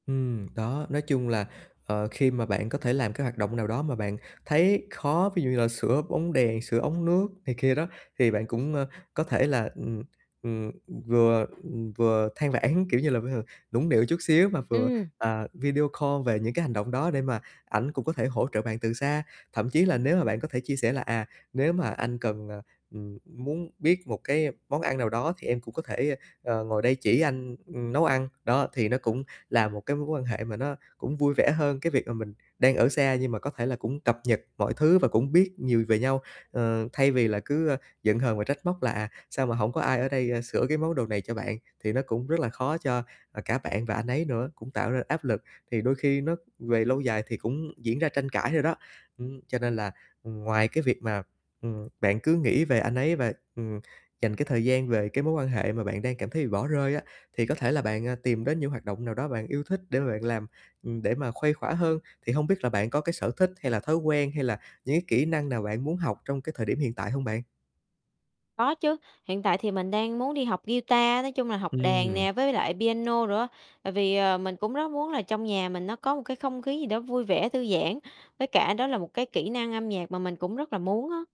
Ừm, đó, nói chung là, ờ, khi mà bạn có thể làm cái hoạt động nào đó mà bạn thấy khó, ví dụ như là sửa bóng đèn, sửa ống nước này kia đó thì bạn cũng, ơ, có thể là, ừm, ừm, ừm, vừa, ừm, vừa than vãn, kiểu như là, bây h nũng nịu chút xíu, mà vừa, Ừm. à, video call về những cái hành động đó để mà ảnh cũng có thể hỗ trợ bạn từ xa. Thậm chí là nếu mà bạn có thể chia sẻ là "À, nếu mà anh cần, ờ, ừm, muốn biết một cái món ăn nào đó thì em cũng có thể, ơ, ờ, ngồi đây chỉ anh, ừm, nấu ăn." Đó, thì nó cũng là một cái mối quan hệ mà nó cũng vui vẻ hơn cái việc mà mình đang ở xa, nhưng mà có thể là cũng cập nhật mọi thứ và cũng biết nhiều về nhau, ờ, thay vì là cứ, ơ, giận hờn và trách móc là, à, sao mà hổng có ai ở đây, ơ, sửa cái món đồ này cho bạn, thì nó cũng rất là khó cho, à, cả bạn và anh ấy nữa, cũng tạo ra áp lực thì đôi khi nó về lâu dài thì cũng diễn ra tranh cãi nữa đó. Ừm, cho nên là, ừm, ngoài cái việc mà, ừm, bạn cứ nghĩ về anh ấy và, ừm, dành cái thời gian về cái mối quan hệ mà bạn đang cảm thấy bị bỏ rơi á, thì có thể là bạn, à, tìm đến những hoạt động nào đó bạn yêu thích để mà bạn làm, ừm, để mà khuây khỏa hơn. Thì hông biết là bạn có cái sở thích hay là thói quen hay là những cái kỹ năng nào bạn muốn học trong cái thời điểm hiện tại hông bạn? Có chứ, hiện tại thì mình đang muốn đi học guitar, nói chung là học đàn Ừm. nè, với lại piano nữa. Tại vì, ờ, mình cũng rất muốn là trong nhà mình nó có một cái không khí gì đó vui vẻ, thư giãn, với cả đó là một cái kỹ năng âm nhạc mà mình cũng rất là muốn á.